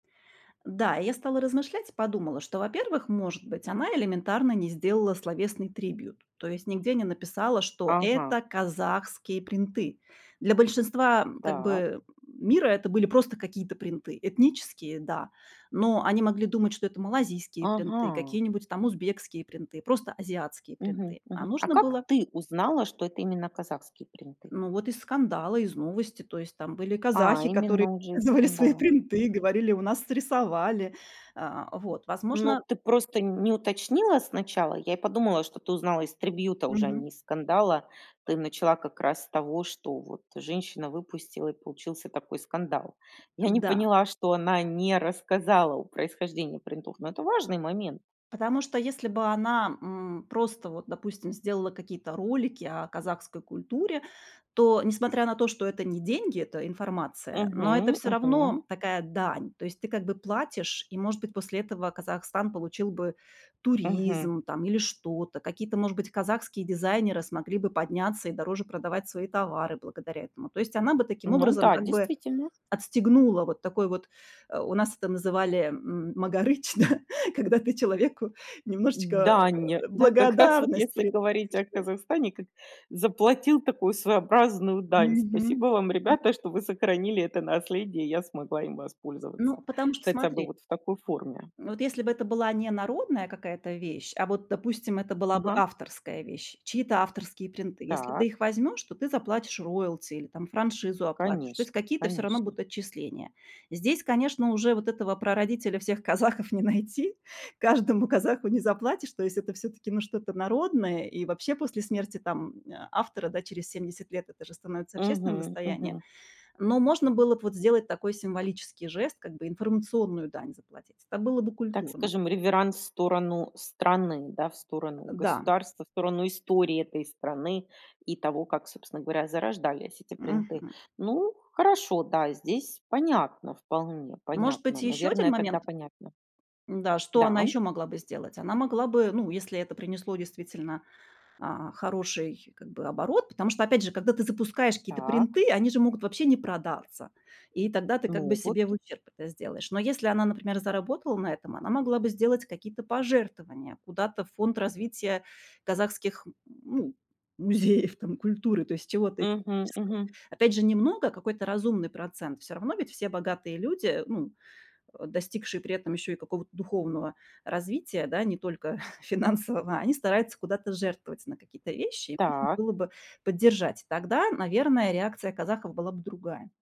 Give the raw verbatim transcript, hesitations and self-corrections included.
Да, и я стала размышлять, и подумала, что, во-первых, может быть, она элементарно не сделала словесный трибьют, то есть нигде не написала, что Ага. это казахские принты. Для большинства, м, как Та бы мира это были просто какие-то принты, этнические, да. Но они могли думать, что это малазийские принты, Ага. какие-нибудь там узбекские принты, просто азиатские Мгм принты. А мгм. А нужно как было ты узнала, что это именно казахские принты? Ну вот из скандала, из новости, то есть там были А казахи, которые именно уже из показывали свои скандала. Мгм. принты, говорили, у нас срисовали. А, вот. Ну Возможно ты просто, не уточнила сначала. Я и подумала, что ты узнала из трибьюта уже, а не Мгм. из скандала. Ты начала как раз с того, что вот женщина выпустила и получился такой скандал. Я не Н-да. поняла, что она не рассказала о происхождении принтов. Но это важный момент. Потому что, если бы она, м, просто, вот допустим, сделала какие-то ролики о казахской культуре, то, несмотря на то, что это не деньги, это информация, но это Мгм всё равно мгм. такая дань. То есть ты как бы платишь, и, может быть, после этого Казахстан получил бы Мгм. туризм там или что-то. Какие-то, может быть, казахские дизайнеры смогли бы подняться и дороже продавать свои товары благодаря этому. То есть она бы таким Ну образом, да, как бы действительно. отстегнула вот такой вот, э, у нас это называли, м магарыч, да, когда ты человеку немножечко Дань, да, как раз вот благодарность если говорить о приносишь, да. Казахстане, как заплатил такую своеобразную дань. Мгм, Спасибо вам, м ребята, что вы сохранили- это наследие, и я смогла им Ну, воспользоваться, потому что, хотя бы смотри вот в такой форме. вот если бы это была не народная какая-то вещь, а вот, допустим, это была бы Ага. авторская вещь, чьи-то авторские принты. Если ты Так. их возьмёшь, то ты заплатишь роялти или там франшизу оплатишь, то есть Конечно, какие-то всё равно конечно. будут отчисления. Здесь, конечно, уже вот этого прародителя всех казахов не найти. Каждому казаху не заплатишь, то есть это всё-таки ну что-то народное, и вообще после смерти там, а, автора да через семьдесят лет, это же становится общественным Мгм достоянием, мгм. но можно было б вот сделать такой символический жест, как бы информационную дань заплатить. Это было бы Так культурно. скажем, реверанс в сторону страны, да, в Э, сторону да. государства, в сторону истории этой страны и того, как собственно говоря зарождались эти принты. Мгм. Ну хорошо, да, здесь понятно вполне, Может быть, понятно, и ещё один наверное тогда момент понятно. М-да что она Да, м. ещё могла бы сделать, она могла бы, ну если это принесло действительно, а, хороший как бы оборот, потому что, опять же, когда ты запускаешь какие-то Так. принты, они же могут вообще не продаться, и тогда ты как бы Ну вот. себе в ущерб это сделаешь. Но если она, например, заработала на этом, она могла бы сделать какие-то пожертвования куда-то в фонд развития казахских ну музеев там культуры, то есть чего-то Мгм этнического. мгм. Опять же, немного, какой-то разумный процент, всё равно ведь все богатые люди, ну, э, достигшие при этом ещё и какого-то духовного развития, да, не только финансового, они стараются куда-то жертвовать на какие-то вещи, и нужно Так. было бы поддержать. Тогда, наверное, реакция казахов была бы другая.